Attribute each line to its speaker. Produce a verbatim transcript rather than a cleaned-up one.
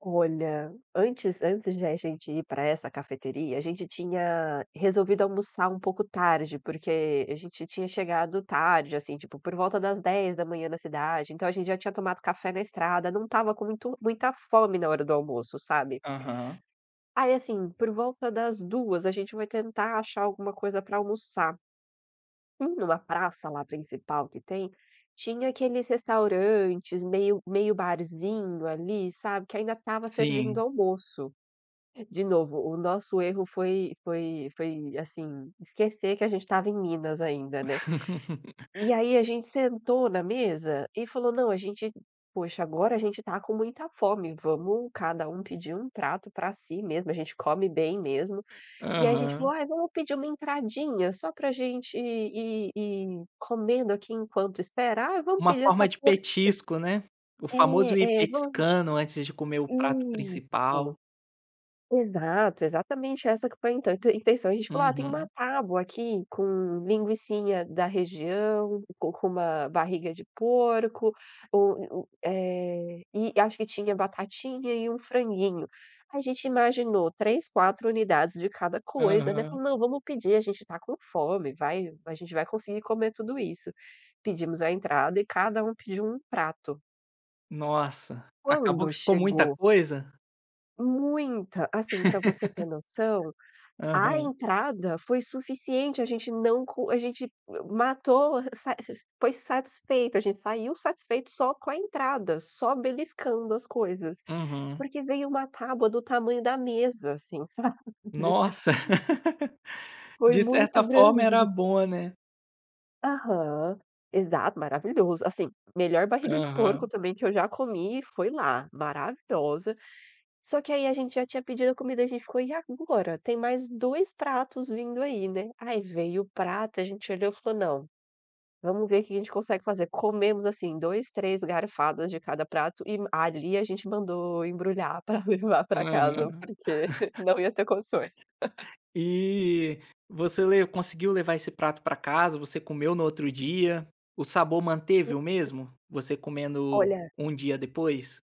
Speaker 1: Olha, antes antes de a gente ir pra essa cafeteria, a gente tinha resolvido almoçar um pouco tarde, porque a gente já tinha chegado tarde, assim, tipo, por volta das dez da manhã na cidade, então a gente já tinha tomado café na estrada, não estava com muito muita fome na hora do almoço, sabe.
Speaker 2: Aham.
Speaker 1: Aí, assim, por volta das duas a gente foi tentar achar alguma coisa pra almoçar. Indo na praça lá principal que tem, tinha aqueles restaurantes meio meio barzinho ali, sabe, que ainda estava
Speaker 2: Sim.
Speaker 1: servindo almoço. De novo, o nosso erro foi foi foi, assim, esquecer que a gente estava em Minas ainda, né, e aí a gente sentou na mesa, e falou: "Não, a gente poxa, agora a gente tá com muita fome, vamos cada um pedir um prato pra si mesmo, a gente come bem mesmo". E aí a gente falou:
Speaker 2: Aham.
Speaker 1: "Ai, vamos pedir uma entradinha só pra gente ir ir ir comendo aqui enquanto espera". "Ah, vamos
Speaker 2: Uma
Speaker 1: pedir essa
Speaker 2: forma de
Speaker 1: porção".
Speaker 2: petisco, né, o famoso: ir
Speaker 1: É é, vamos
Speaker 2: petiscando antes de comer o prato
Speaker 1: Isso,
Speaker 2: principal.
Speaker 1: exato, exatamente essa que foi a inta intenção, a gente falou: "Ah, tem uma
Speaker 2: Uhum.
Speaker 1: tábua aqui com linguicinha da região, com com uma barriga de porco, u u eh, e acho que tinha batatinha e um franguinho. A gente imaginou três, quatro unidades de cada coisa, né,
Speaker 2: Aham.
Speaker 1: falou: "Não vamos pedir, a gente tá com fome, vai a gente vai conseguir comer tudo isso". Pedimos a entrada e cada um pediu um prato.
Speaker 2: Nossa, acabou
Speaker 1: Quando
Speaker 2: que ficou muita
Speaker 1: chegou
Speaker 2: coisa?
Speaker 1: Muita, assim, pra você ter noção, a
Speaker 2: Aham.
Speaker 1: entrada foi suficiente. A gente não co a gente m matou a r sa r r foi satisfeito, a gente saiu satisfeito só com a entrada, só beliscando as coisas,
Speaker 2: Uhum.
Speaker 1: porque veio uma tábua do tamanho da mesa assim, sabe.
Speaker 2: Nossa
Speaker 1: Foi
Speaker 2: de
Speaker 1: muito
Speaker 2: certa forma era
Speaker 1: grande.
Speaker 2: boa, né.
Speaker 1: Aham. Exato, maravilhoso, assim, melhor barriga de porco
Speaker 2: Aham.
Speaker 1: também que eu já comi, foi lá, maravilhosa, só que aí a gente já tinha pedido a comida, a gente ficou: "E agora? Tem mais dois pratos vindo aí, né". Aí veio o prato, e a gente olhou, falou: "Não, vamos ver o que que a gente consegue fazer". Comemos assim dois, três garfadas de cada prato e m ali a gente mandou embrulhar pra levar
Speaker 2: Aham.
Speaker 1: pra casa porque não ia ter condições.
Speaker 2: E você le conseguiu levar esse prato pra casa, você comeu no outro dia? O sabor manteve o mesmo, você
Speaker 1: [unintelligible]
Speaker 2: comendo
Speaker 1: Olha
Speaker 2: um dia depois?